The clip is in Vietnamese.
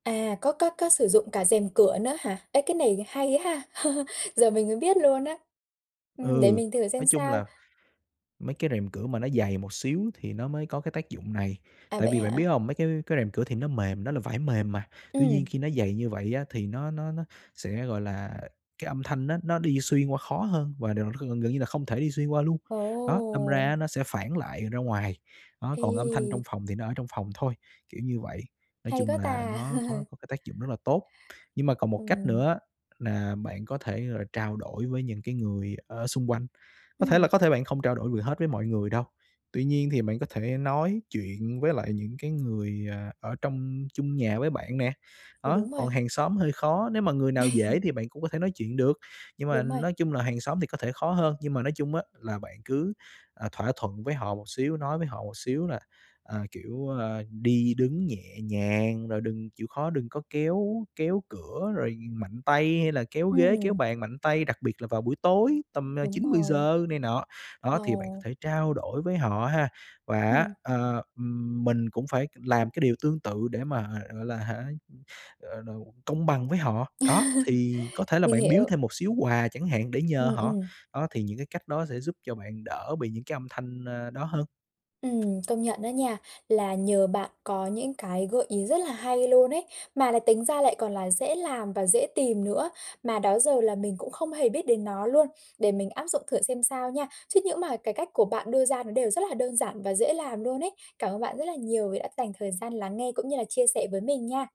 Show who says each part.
Speaker 1: À, có có có sử dụng cả rèm cửa nữa hả? Ê, cái này hay ha, giờ mình mới biết luôn á. Ừm, để
Speaker 2: Ừ,
Speaker 1: mình thử
Speaker 2: nói
Speaker 1: xem
Speaker 2: chung
Speaker 1: sao.
Speaker 2: là mấy cái rèm cửa mà nó dày một xíu thì nó mới có cái tác dụng này.
Speaker 1: À,
Speaker 2: Tại
Speaker 1: vậy
Speaker 2: vì bạn biết
Speaker 1: hả?
Speaker 2: hông? Mấy cái cái rèm cửa thì nó mềm, nó là vải mềm mà, tuy nhiên
Speaker 1: Ừm.
Speaker 2: khi nó dày như vậy á thì nó nó nó sẽ, gọi là cái âm thanh á, nó nó đi xuyên qua khó hơn và điều gần gần như là không thể đi xuyên qua luôn, đó, đâm ra á
Speaker 1: Ồ!
Speaker 2: nó sẽ phản lại ra ngoài. Đó, còn âm thanh trong
Speaker 1: Ê!
Speaker 2: phòng thì nó ở trong phòng thôi, kiểu như vậy. Nói
Speaker 1: Hay
Speaker 2: chung
Speaker 1: quá
Speaker 2: là
Speaker 1: ta!
Speaker 2: nó có có cái tác dụng rất là tốt. Nhưng mà còn một cách
Speaker 1: Ừm.
Speaker 2: nữa là bạn có thể, gọi là, trao đổi với những cái người ở xung quanh. Có thể là
Speaker 1: Ừm.
Speaker 2: có thể bạn không trao đổi vừa hết với mọi người đâu, tuy nhiên thì bạn có thể nói chuyện với lại những cái người, à, ở trong chung nhà với bạn nè.
Speaker 1: Ừ,
Speaker 2: Đó,
Speaker 1: đúng
Speaker 2: còn
Speaker 1: rồi.
Speaker 2: hàng xóm hơi khó, nếu mà người nào dễ thì bạn cũng có thể nói chuyện được, nhưng mà
Speaker 1: Đúng rồi.
Speaker 2: nói chung là hàng xóm thì có thể khó hơn. Nhưng mà nói chung á là bạn cứ, à, thỏa thuận với họ một xíu, nói với họ một xíu là, à, kiểu, a, đi đứng nhẹ nhàng rồi đừng chịu khó đừng có kéo kéo cửa rồi mạnh tay, hay là kéo ghế, kéo
Speaker 1: Ừm.
Speaker 2: bàn mạnh tay, đặc biệt là vào buổi tối tầm, à,
Speaker 1: Đúng
Speaker 2: chín mười
Speaker 1: rồi.
Speaker 2: giờ này nọ. Đó, thì bạn có
Speaker 1: Ồ.
Speaker 2: thể trao đổi với họ ha, và á,
Speaker 1: Ừm.
Speaker 2: ờ, ừm, mình cũng phải làm cái điều tương tự để mà h gọi là, hả, ờ, đầu công bằng với họ. Đó, thì có thể là
Speaker 1: Mình
Speaker 2: bạn biếu
Speaker 1: hiểu.
Speaker 2: thêm một xíu quà chẳng hạn để nhờ
Speaker 1: Ừm,
Speaker 2: họ.
Speaker 1: ừm.
Speaker 2: Đó, thì những cái cách đó sẽ giúp cho bạn đỡ bị những cái âm thanh, a, đó hơn.
Speaker 1: Ừm, công nhận đó nha, là nhờ bạn có những cái gợi ý rất là hay luôn ấy, mà là tính ra lại còn là dễ làm và dễ tìm nữa, mà đó giờ là mình cũng không hề biết đến nó luôn, để mình áp dụng thử xem sao nha. Chứ những mà cái cách của bạn đưa ra nó đều rất là đơn giản và dễ làm luôn ấy. Cảm ơn bạn rất là nhiều vì đã dành thời gian lắng nghe cũng như là chia sẻ với mình nha!